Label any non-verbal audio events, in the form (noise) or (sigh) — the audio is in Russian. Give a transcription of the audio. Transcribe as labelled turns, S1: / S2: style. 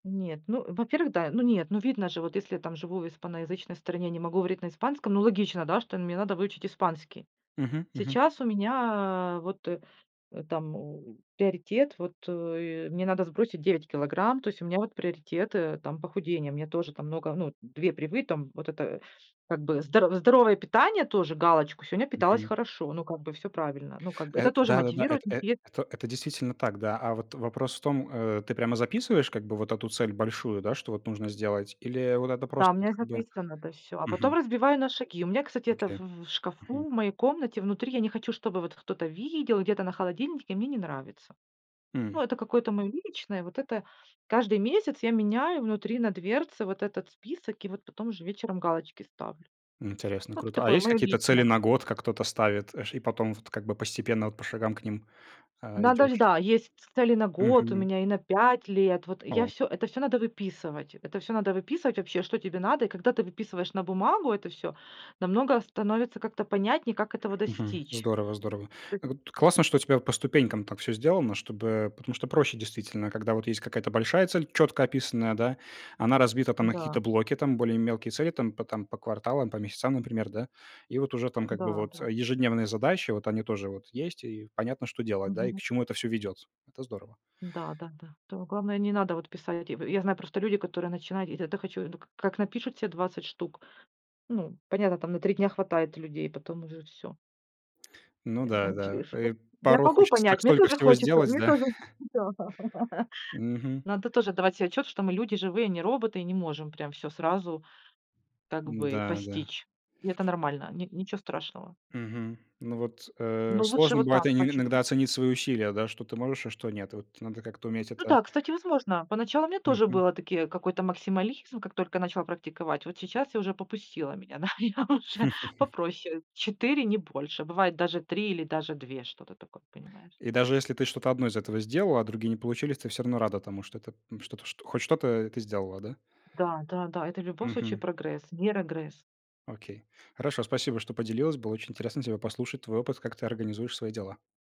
S1: Нет, ну, во-первых, да, ну нет, ну видно же, вот если я там живу в испаноязычной стране, не могу говорить на испанском, ну логично, да, что мне надо выучить испанский.
S2: Мгм, мгм.
S1: Сейчас у меня, а, вот, э, там у приоритет, вот, э, мне надо сбросить 9 килограмм. То есть у меня вот приоритет, э, там похудение. Мне тоже там много, ну, 2 привы там вот это как бы здоро здоровое питание тоже галочку, сегодня питалась
S2: Мгм.
S1: хорошо, ну, как бы всё правильно. Ну, как бы
S2: Э,
S1: это тоже
S2: да-да-да,
S1: мотивирует.
S2: эт э
S1: (unintelligible)
S2: это это действительно так, да, а вот вопрос в том, э, ты прямо записываешь как бы вот эту цель большую, да, что вот нужно сделать? Или вот это
S1: Да, у
S2: просто
S1: меня
S2: вот
S1: и
S2: как бы
S1: записано, да, всё, а потом
S2: Мгм.
S1: разбиваю на шаги. У меня, кстати, это в
S2: Окей.
S1: в шкафу
S2: Мгм.
S1: в моей комнате внутри. Я не хочу, чтобы вот кто-то видел где-то на холодильнике. Мне не нравится. Ну,
S2: М.
S1: это какое-то моё личное, вот это каждый месяц я меняю внутри на дверце вот этот список, и вот потом уже вечером галочки ставлю.
S2: М, интересно,
S1: Ну, это
S2: круто. А
S1: такое
S2: есть
S1: моё
S2: какие-то цели
S1: личное.
S2: на год,
S1: (unintelligible)
S2: как кто-то ставит, э, ш и потом вот как бы постепенно, вот по шагам к ним, э,
S1: Надо ж,
S2: идёшь?
S1: да, есть ц цели на год у
S2: Мгм.
S1: меня и на 5 лет. Вот я
S2: О.
S1: всё это всё надо выписывать. Это всё надо выписывать вообще, что тебе надо. И когда ты выписываешь на бумагу это всё, намного становится как-то понятнее, как этого
S2: Мгм.
S1: достичь.
S2: Здорово, здорово.
S1: Ты
S2: Вот, классно, что у тебя по ступенькам так всё сделано, чтобы потому что проще действительно, когда вот есть какая-то большая цель, чётко описанная, да, она разбита там на какие-то
S1: Да.
S2: блоки, там более мелкие цели, там по там по кварталам, по месяцам, например, да. И вот уже там как бы
S1: Да,
S2: вот,
S1: да.
S2: э, ежедневные задачи, вот они тоже вот есть, и понятно, что делать, да, и к
S1: Мгм.
S2: чему это всё ведёт. Это здорово.
S1: Да-да-да. Тут главное не надо вот писать. В я знаю просто люди, которые начинают, и тогда хочу, ну, к как напишут се 20 штук. Ну, понятно, там на 3 дня хватает людей, потом уже всё.
S2: Ну да да,
S1: Я ж ш о.
S2: э,
S1: Я
S2: порой
S1: могу
S2: хочется так
S1: понять, мне
S2: столько
S1: тоже
S2: всего
S1: хочется
S2: сделать,
S1: мне
S2: да?
S1: тоже
S2: (chuckles)
S1: хочется. (laughs)
S2: Мгм.
S1: Надо тоже отдавать се отчет, что мы люди живые, а не роботы, и не можем прям всё сразу как бы
S2: М-да, да.
S1: постичь. И это нормально, ни ничего страшного.
S2: Мгм, ну вот, э,
S1: Но лучше
S2: сложно
S1: вот
S2: бывает
S1: так по
S2: инь иногда
S1: чуть-чуть
S2: оценить свои усилия, да, что ты можешь, а что нет. И вот надо как-то уметь
S1: Ну
S2: это
S1: да, кстати, возможно. Поначалу мне тоже
S2: Мгм.
S1: было, такие какой-то максимализм, как только я начала практиковать. Вот сейчас я уже попустило меня, да, я уже
S2: (chuckles)
S1: попроще, 4, не больше. Бывает даже 3 или даже 2, что-то такое, понимаешь.
S2: И даже если ты что-то 1 из этого сделала, а другие не получились, ты всё равно рада тому, что это, ну, что-то чт хоть что-то, э, ты сделала, да?
S1: Да-да-да, это в любом случае
S2: Мгм.
S1: прогресс, не регресс.
S2: Окей, хорошо, спасибо, что поделилась. Было очень интересно тебя послушать, твой опыт, как ты организуешь свои дела.